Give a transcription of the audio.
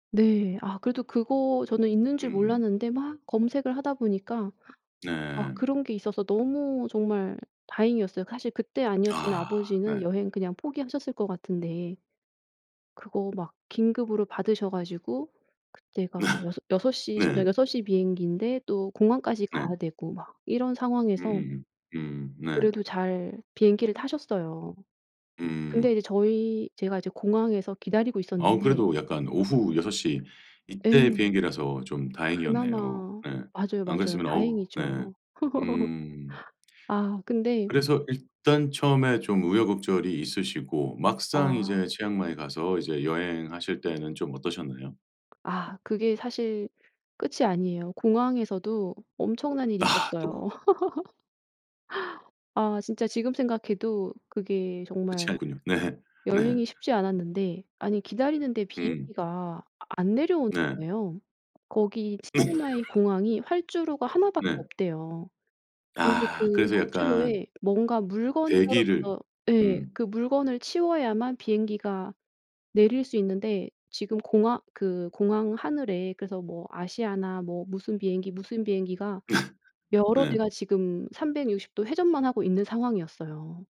네, 아 그래도 그거 저는 있는 줄 음. 몰랐는데 막 검색을 하다 보니까 아 네. 그런 게 있어서 너무 정말 다행이었어요. 사실 그때 아니었으면 아 아버지는 네. 여행 그냥 포기하셨을 거 같은데. 그거 막 긴급으로 받으셔가지고 그때가 여섯시 저녁 네. 여섯 시 비행기인데 또 공항까지 네. 가야되고 막 이런 상황에서 음음음. 음음. 네. 그래도 잘 비행기를 타셨어요. 근데 음. 이제 저희 제가 이제 공항에서 기다리고 어우 있었는데 그래도 약간 오후 6:00. 이 때 예. 비행기라서 좀 다행이었네요. 그나마 네. 맞아요, 안 맞아요. 그랬으면 어우, 네. 다행이죠. 음. 아 근데 그래서 일단 처음에 좀 우여곡절이 있으시고 막상 이제 아. 치앙마이 가서 이제 여행하실 때는 좀 어떠셨나요? 아 그게 사실 끝이 아니에요. 공항에서도 엄청난 일이 아. 있었어요. 또. 아 진짜 지금 생각해도 그게 그렇지 정말 않군요. 네. 네. 여행이 쉽지 않았는데 아니 기다리는데 음. 비행기가 안 내려오는 네. 거예요. 거기 치앙마이 공항이 활주로가 하나밖에 네. 없대요. 근데 아, 그 그래서 약간 활주로에 뭔가 물건이 대기를 떨어져서 예. 음. 그 물건을 치워야만 비행기가 내릴 수 있는데 지금 공항 그 공항 하늘에 그래서 뭐 아시아나 뭐 무슨 비행기 무슨 비행기가 여러 대가 네. 지금 360도 회전만 하고 있는 상황이었어요.